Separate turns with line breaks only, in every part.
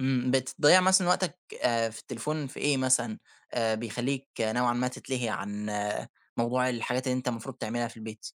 إمم، بتضيع مثلًا وقتك آآ، في التليفون في إيه مثلًا آآ، بيخليك نوعًا ما تتلهي عن موضوع الحاجات اللي أنت المفروض تعملها في البيت.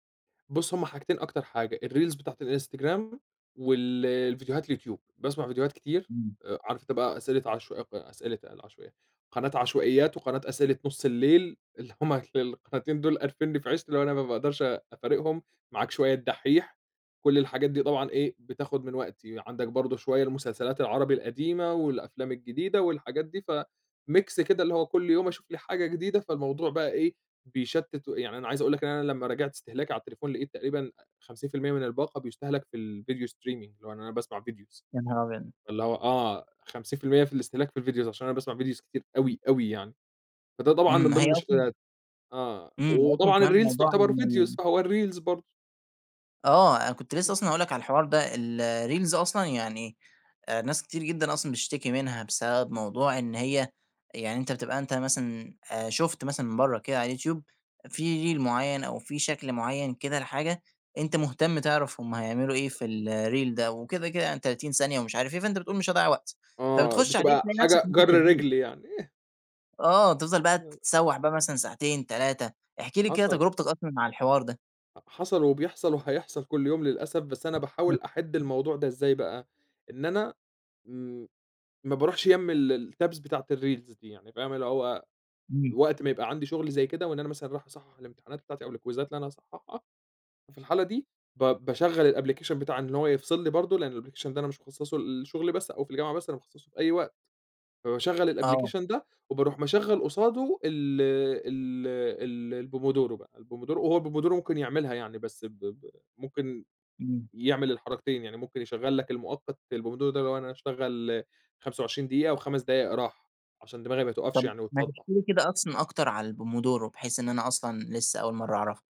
بُصّ، هما حاجتين أكتر حاجة الreels بتاعة الإنستجرام، وال الفيديوهات اليوتيوب، باسمع فيديوهات كتير،
إمم.
عارف أنت بقى أسئلة عش أسئلة قال عشو قناة عشوائيات، وقناة أسئلة نُصّ الليل، اللي هم القناتين دول، قارفنّي في عيشتي، اللي هو أنا ما باقدرش أفارقهم، معاك شوية الدحيح، كُلّ الحاجات دي طبعًا إيه بتاخد من وقتي، عندك برضه شوية المسلسلات العربي القديمة، والأفلام الجديدة، والحاجات دي، فmix كده، اللي هو كل يوم أشوف لي حاجة جديدة، فالموضوع بقى إيه بيشتِّت، و يعني أنا عايز أقول لك إن أنا لمّا راجعت استهلاكي على التليفون، لقيت تقريبًا 50% من الباقة بيُستهلك في الفيديو streaming، اللي هو إن أنا باسمع videos
يانهار أبيض!
اللي هو آه 50% في الاستهلاك في ال videos عشان أنا باسمع videos كتير أوي، أوي يعني، فده طبعًا
إمم،
من
هي
ضمن
أصلًا
المشكلات، آه
إمم، أصلًا
وطبعًا
كمان
الreels
موضوع
تعتبر videos
ان
فهو الreels برضه.
آه، أنا كنت لسه
إمم.
أصلًا هاقول لك على الحوار ده، ال الreels أصلًا يعني آآ، ناس كتير جدًا أصلًا بتشتكي منها، بسبب موضوع إن هي يعني أنت بتبقى أنت مثلًا، آآ، شُفت مثلًا برّه كده على اليوتيوب في reel معيّن، أو في شكل معيّن كده، لحاجة أنت مهتم تعرف هم هيعملوا إيه في الreel ده. وكده، كده يعني 30 ثانية ومش عارف إيه، فأنت بتقول مش هاضيّع وقت،
آه،
فبتخش عليه
بتبقى
تلاقي نفسك
حاجة
إن أنت
جرّ
اتشدّيت.
رجل يعني. [unintelligible]
آه تِفضَل بقى
آه.
تتسوّح بقى مثلًا ساعتين 3، احكِ لي كده
حصل.
تجربتك أصلًا مع الحوار ده.
حصل، وبيحصل، وحيحصل كل يوم للأسف، بس أنا باحاول أحدّ الموضوع ده إزاي بقى، إن أنا م ما باروحش جنب ال الtabs بتاعة الreels دي يعني فاهم اللي هو
إمم.
وقت ما يبقى عندي شغل زي كده، وإن أنا مثلًا رايح أصحّح الامتحانات بتاعتي أو الكويزات اللي أنا هاصحّحها، في الحالة دي ب باشغّل الapplication بتاع إن هو يفصل لي برضه، لأن الapplication ده أنا مش مخصّصُه للشغل بس، أو في الجامعة بس، أنا مخصّصُه في أي وقت، فباشغّل
آه.
الapplication ده، وباروح مشغّل قصادُه ال ال ال الpomodoro بقى، الPomodoro هو الPomodoro ممكن يعملها يعني، بس ب ب ممكن
إمم.
يعمل الحركتين، يعني ممكن يشغّل لك المؤقت، البومودورو ده، لو أنا هاشغّل 25 دقيقة و5 دقايق راحة، عشان دماغي ما تقفش
طَب
يعني
ما تحكي
وتصدّع.
لي كده أصلًا أكتر على الPomodoro؟ بحيث إن أنا أصلًا لسه أول مرة أعرفُه.